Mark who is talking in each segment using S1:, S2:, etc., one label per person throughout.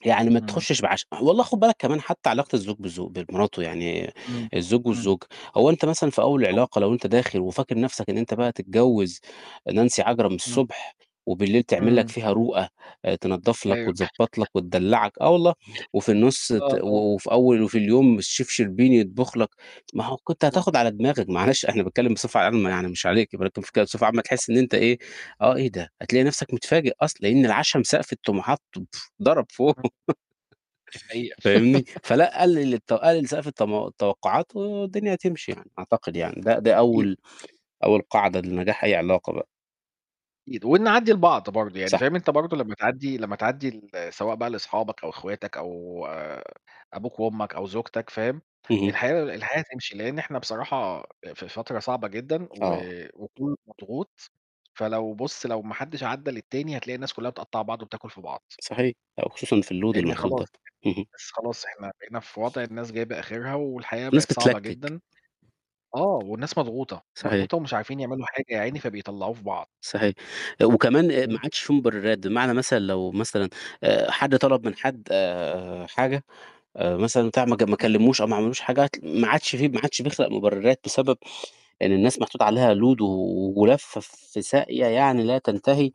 S1: يعني ما
S2: إمم.
S1: تخشش بعشم والله خُد بالك كمان حتى علاقة الزوج بالزوج بمراته يعني
S2: إمم.
S1: الزوج
S2: إمم.
S1: والزوجة، هو أنت مثلًا في أول
S2: طَب
S1: العلاقة لو أنت داخِل وفاكر نَفْسك إن أنت بقى هتتجوّز نانسي عجرم
S2: [unintelligible]
S1: الصبح وبالليل تعمل لك
S2: إمم.
S1: فيها رُؤَة آآ تنضف لك
S2: أيوه..
S1: وتضبط لك وتدلّعك آه، الله وفي النُص ت
S2: آه،
S1: و
S2: آه.
S1: و وفي أول وفي اليوم الchef شربيني يطبخ لك ما هو كنت
S2: أيوه.
S1: هتاخُد على دماغك، معلش أنا باتكلّم بصفة عامة يعني مش عليك ولكن بفكرة صفة عامّة تحس إن أنت إيه، آه، إيه ده هتلاقي نَفْسك مُتفاجئ أصلًا لإن العشم سقْف الطموحات بف ضرب فوق
S2: إمم. دي حقيقة
S1: فاهمني؟ فلأ، قلِّل الت قلِّل سقْف التم التوقعات والدنيا هتمشي يعني أعتقد يعني ده ده
S2: أكيد.
S1: أول
S2: أكي
S1: أول قاعدة لنجاح أي علاقة بقى.
S2: أكيد، ونعدّي لبعض برضه يعني
S1: صح.
S2: فاهم أنت برضه لمّا تعدّي لمّا تعدّي ل سواء بقى لأصحابك أو إخواتك أو أبوك وأمك أو زوجتك فاهم؟
S1: اهم.
S2: الحياة الحياة هتمشي لإن إحنا بصراحة آآ في فترة صعبة جدًا و
S1: آه.
S2: وكلّه مضغوط فلو بُص لو ما حدش عدّي للتاني هتلاقي الناس كلّها بتقطّع بعض وبتاكُل في بعض.
S1: صحيح لأ، وخصوصًا في الload اللي
S2: لإن
S1: محطوط
S2: خلاص
S1: ده. اهم.
S2: بس خلاص إحنا بقينا في وضع الناس جايبة آخِرها والحياة
S1: في ناس
S2: بقت صعبة
S1: بتتلكك.
S2: جدًا. آه، والناس مضغوطة،
S1: صحيح.
S2: مضغوطة ومش عارفين يعملوا حاجة يا عيني فبيطلّعوه في بعض.
S1: صحيح آآ وكمان آآ ما
S2: إمم.
S1: عادش في مُبرّرات بمعنى مثلًا لو مثلًا آآ حد طلب من حد آآ حاجة آآ مثلًا بتاع ما ج ما
S2: إمم.
S1: كلّموش أو ما عملّوش حاجة هتل ما عادش في ما عادش بيخلق مُبرّرات بسبب إن الناس محطوط عليها load و و ولافّه في سايقة يعني لا تنتهي،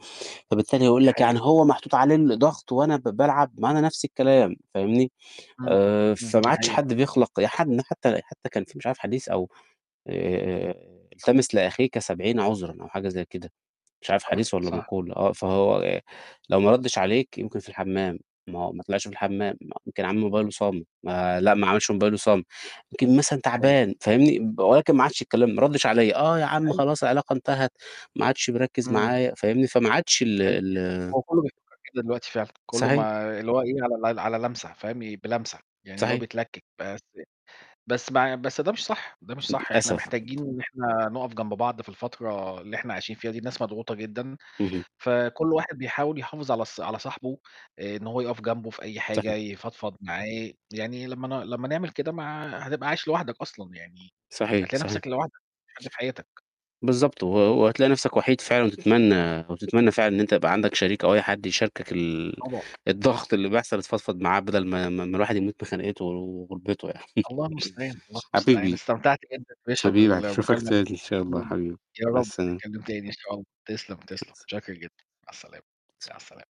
S1: فبالتالي هيقول
S2: دي
S1: لك،
S2: حقيقة..
S1: يعني هو محطوط عليه الضغط وأنا ب بالعب ما هو أنا نَفْس الكلام فاهمني،
S2: إمم.
S1: آآ
S2: إمم،
S1: فما
S2: دي
S1: عادش
S2: حقيقة.
S1: حد بيخلق يا حن حتى حتى كان في مش عارف حديث أو آآ آآ آآ التمس لأخيك 70 عُذرًا أو حاجة زي كده مش عارف
S2: صح،
S1: حديث والّا
S2: صح.
S1: مَقولة آه، فهو ي لو ما ردّش عليك يمكن في الحمام ما ما طلعش في الحمام ما يمكن عامل موبايله صامت ما لأ، ما عملش موبايله صامت،
S2: دي
S1: يمكن مثلًا
S2: دي حقيقة.
S1: تعبان فاهمني، ب ولكن ما عادش كلّمني، ما ردّش عليّا آه، يا عم
S2: أي
S1: خلاص العلاقة انتهت ما عادش بيركّز
S2: إمم.
S1: معايا فاهمني فما عادش ال
S2: أيوه [unintelligible]
S1: ال
S2: هو كلّه بيفكّر كده دلوقتي فعلًا كلّه
S1: صحي
S2: ما اللي هو إيه على ل على لمسة فاهم ي بلمسة يعني اللي هو
S1: صحي
S2: بيتلّكك بس ي بس مع بس ده مش صح ده مش صح، إحنا
S1: للأسف..
S2: محتاجين إن إحنا نقَف جنب بعض في الفترة اللي إحنا عايشين فيها دي الناس مضغوطة جدًا،
S1: اهم.
S2: فكل واحد بيحاول يحافظ على ص على صاحبه آآ إن هو يقَف جنبه في أي حاجة،
S1: صحي
S2: يفضفض معاه ي يعني لمّا ن لمّا نعمل كده ما ع هتبقى عايش لوحدك أصلًا يعني
S1: صحيح،
S2: هتلاقي
S1: صحيح.
S2: نَفْسك لوحدك، ما فيش حد في حياتك.
S1: بالضبط و وهتلاقي نَفْسك وحيد فعلًا وتتمنى وتتمنى فعلًا إن أنت تبقى عندك شريك أو أي حد يشاركك ال
S2: [unintelligible]
S1: الضغط اللي بيحصل تفضفض معاه بدل ما ما ما الواحد يموت بخانقته ور وغُربته يعني.
S2: الله المستعان، الله المستعان.
S1: حبيبي،
S2: استمتعت جدًا يا باشا
S1: حبيبي هاشوفك
S2: بالمكالمة
S1: تاني إن شاء الله
S2: بتاعتنا
S1: يا
S2: دي
S1: حبيبي
S2: يا
S1: مع
S2: رب
S1: السلامة.
S2: نتكلّم تاني إن شاء ال تسلَم،
S1: مع
S2: تسلَم
S1: السلامه.
S2: مُتشكّر جدًا، مع السلامة
S1: س
S2: مع السلامة.